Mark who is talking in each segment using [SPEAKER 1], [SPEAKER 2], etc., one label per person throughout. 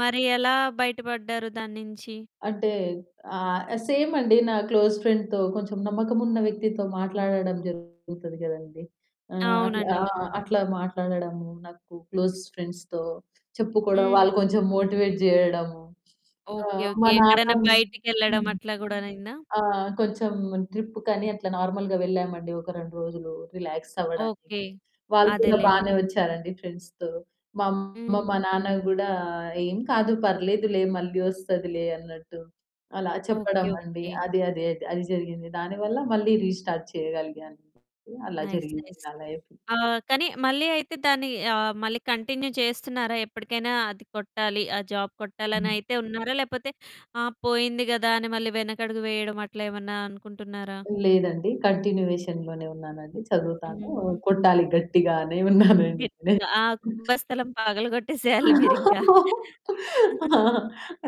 [SPEAKER 1] మరి ఎలా బయటపడ్డారు దాన్నించి?
[SPEAKER 2] అంటే ఆహ్, సేమండి నా క్లోజ్ ఫ్రెండ్‌తో కొంచెం నమ్మకం ఉన్న వ్యక్తితో మాట్లాడడం జరుగుతది గదండీ. ఆహ్, అట్లా
[SPEAKER 1] అవునండి.
[SPEAKER 2] ఆ!
[SPEAKER 1] అవును.
[SPEAKER 2] అట్లా మాట్లాడడము, నాకు క్లోజ్ ఫ్రెండ్స్‌తో చెప్పుకోవడం
[SPEAKER 1] హ్మ్.
[SPEAKER 2] వాళ్ళు కొంచెం మోటివేట్ జేయడము, సో,
[SPEAKER 1] ఓకే.
[SPEAKER 2] మా
[SPEAKER 1] ఓకే.
[SPEAKER 2] నాన్న
[SPEAKER 1] ఎక్కడన్నా బయటికెళ్ళడం
[SPEAKER 2] హ్మ్.
[SPEAKER 1] అట్లా గూడా అయిందా?
[SPEAKER 2] ఆ! కొంచెం ట్రిప్పు కనీ అట్లా నార్మల్‌గా వెళ్ళామండి ఒక 2 రోజులు రిలాక్స్ అవ్వడానికి.
[SPEAKER 1] ఓకే.
[SPEAKER 2] వాళ్ళు కూడా
[SPEAKER 1] అదేలెండి.
[SPEAKER 2] బానే వచ్చారండి ఫ్రెండ్స్‌తో మా అమ్మ, మా
[SPEAKER 1] హ్మ్.
[SPEAKER 2] నాన్న కూడా "ఏం కాదు పర్లేదులే మళ్ళీ వస్తదిలే" అన్నట్టు అలా
[SPEAKER 1] ఓకే.
[SPEAKER 2] చెప్పడమండి.
[SPEAKER 1] ఓకే.
[SPEAKER 2] అది, అది, అది జరిగింది. దానివల్ల మళ్ళీ రీస్టార్ట్ చేయగలిగాను అలా
[SPEAKER 1] నైస్.
[SPEAKER 2] జరిగింది
[SPEAKER 1] నైస్.
[SPEAKER 2] నా లైఫు.
[SPEAKER 1] ఆహ్, కానీ మళ్ళీ అయితే దాన్ని ఆహ్ మళ్ళీ కంటిన్యూ చేస్తున్నారా? ఎప్పటికైనా అది కొట్టాలి. ఆ జాబ్
[SPEAKER 2] హ్మ్.
[SPEAKER 1] కొట్టాలనయితే ఉన్నారా? లేకపోతే ఆ పోయింది గదా! అని మళ్ళీ వెనకడుగు వేయడం అట్లా ఏమన్నా అనుకుంటున్నారా?
[SPEAKER 2] లేదండి కంటిన్యూయేషన్‌లోనే ఉన్నానండి. చదువుతాను
[SPEAKER 1] హ్మ్.
[SPEAKER 2] కొట్టాలి గట్టిగానే ఉన్నానండి. నే
[SPEAKER 1] గట్టిగా ఆ కుంభస్థలం పగలగొట్టేసేయాలి మీరింకా.
[SPEAKER 2] ఆ!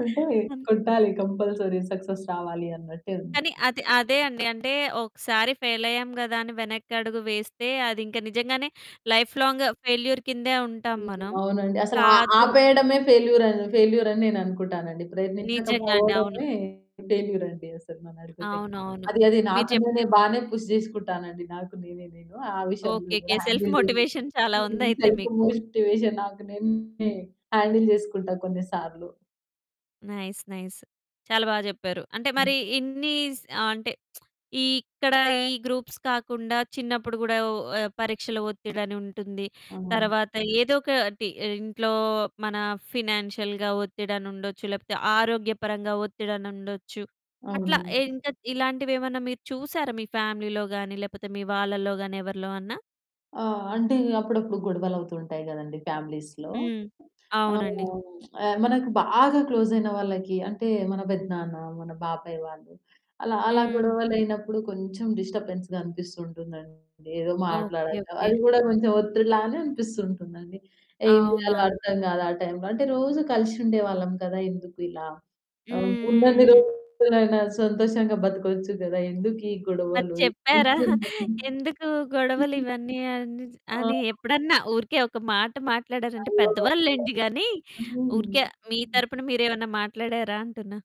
[SPEAKER 2] అంటే
[SPEAKER 1] హ్మ్.
[SPEAKER 2] కొట్టాలి కంపల్సరీ సక్సెస్ రావాలి అన్నట్టే ఉన్న.
[SPEAKER 1] కానీ అది అదే అండి. అంటే ఒకసారి ఫెయిలయ్యాం గదా! అని వెనక్కడుగు వేస్తే అదింకా నిజంగానే లైఫ్ లాంగ్ ఫెయిల్యూర్ కిందే ఉంటాం
[SPEAKER 2] హ్మ్.
[SPEAKER 1] మనం.
[SPEAKER 2] అవునండి. అసలు
[SPEAKER 1] కాదు
[SPEAKER 2] ఆపేయడమే ఫెయిల్యూర్, ఫెయిల్యూర్ అని నేననుకుంటానండి.
[SPEAKER 1] నిజంగా అండి. అవును.
[SPEAKER 2] ప్రయత్నించకపోవడమే ఫెయిల్యూరండసలు నన్నడిగితే.
[SPEAKER 1] అవునవును.
[SPEAKER 2] అది, అది
[SPEAKER 1] మీరు
[SPEAKER 2] నాకు నేనే
[SPEAKER 1] చెప్పినట్టు
[SPEAKER 2] బానే పుష్ చేసుకుంటానండి. నాకు నేనే, నేను. ఆ విషయంలో
[SPEAKER 1] ఓకేకే.
[SPEAKER 2] గూడా
[SPEAKER 1] సెల్ఫ్
[SPEAKER 2] హ్యాండిల్ చేస్తూ
[SPEAKER 1] మోటివేషన్ చాలా ఉందయితే
[SPEAKER 2] సెల్ఫ్
[SPEAKER 1] మీకు.
[SPEAKER 2] మోటివేషన్ నాకు నేనే హ్యాండిల్ చేసుకుంటా కొన్ని సార్లు.
[SPEAKER 1] నైస్. నైస్. చాలా బాగా చెప్పారు. అంటే
[SPEAKER 2] హ్మ్.
[SPEAKER 1] మరి ఇన్ని స్ ఆహ్, అంటే ఇక్కడ ఈ గ్రూప్స్ కాకుండా చిన్నప్పుడు కూడా ఓ పరీక్షల ఒత్తిడని ఉంటుంది,
[SPEAKER 2] అవును.
[SPEAKER 1] తర్వాత ఏదో ఒకటి ఇంట్లో మన ఫినాన్షియల్‌గా ఒత్తిడని ఉండొచ్చు, లేకపోతే ఆరోగ్యపరంగా ఒత్తిడని ఉండొచ్చు. అట్లా
[SPEAKER 2] అవును.
[SPEAKER 1] ఇంకా ఇలాంటివేమన్నా మీరు చూసారా మీ ఫ్యామిలీలో గాని, లేకపోతే మీ వాళ్ళలో గాని ఎవరిలో అన్నా?
[SPEAKER 2] ఆ! అంటే అప్పుడప్పుడు గొడవలవుతుంటాయి గదండీ ఫ్యామిలీస్‌లో.
[SPEAKER 1] హ్మ్.
[SPEAKER 2] ఆ!
[SPEAKER 1] అవునండి.
[SPEAKER 2] అవునవునవును. మనకు బాగా క్లోజ్ అయిన వాళ్ళకి అంటే మన పెద్దనాన్న, మన బాబాయి వాళ్ళు అలా అలా
[SPEAKER 1] హ్మ్.
[SPEAKER 2] గొడవలయినప్పుడు కొంచెం డిస్టర్బెన్స్‌గా అనిపిస్తుంటుందండి ఏదో
[SPEAKER 1] ఓకే.
[SPEAKER 2] మాట్లాడక అది
[SPEAKER 1] ఓకే.
[SPEAKER 2] గూడా కొంచెం ఒత్తిడిలానే అనిపిస్తుంటుందండి. ఏం జేయాలో
[SPEAKER 1] అవునవును.
[SPEAKER 2] అర్థం కాదా టైంలో, అంటే రోజు కలిసి ఉండేవాళ్ళం కదా! ఎందుకు ఇలా
[SPEAKER 1] హ్మ్. హ్మ్.
[SPEAKER 2] ఉన్నన్ని
[SPEAKER 1] హ్మ్.
[SPEAKER 2] రోజులైనా సంతోషంగా బతకొచ్చు గదా! ఎందుకు ఈ
[SPEAKER 1] మరి
[SPEAKER 2] గొడవలు.
[SPEAKER 1] చెప్పారా?
[SPEAKER 2] నిజంగా హ్మ్.
[SPEAKER 1] ఎందుకు గొడవలు ఇవన్నీ అని చే
[SPEAKER 2] ఆ!
[SPEAKER 1] అని ఎప్పుడన్నా ఊరికే ఒక మాట మాట్లాడారంటే
[SPEAKER 2] అయ్యో!
[SPEAKER 1] పెద్దవాళ్ళు లేండి గాని,
[SPEAKER 2] హ్మ్.
[SPEAKER 1] ఊరికే మీ
[SPEAKER 2] హ్మ్.
[SPEAKER 1] తరపున మీరేమన్నా మాట్లాడారా అంటున్నా.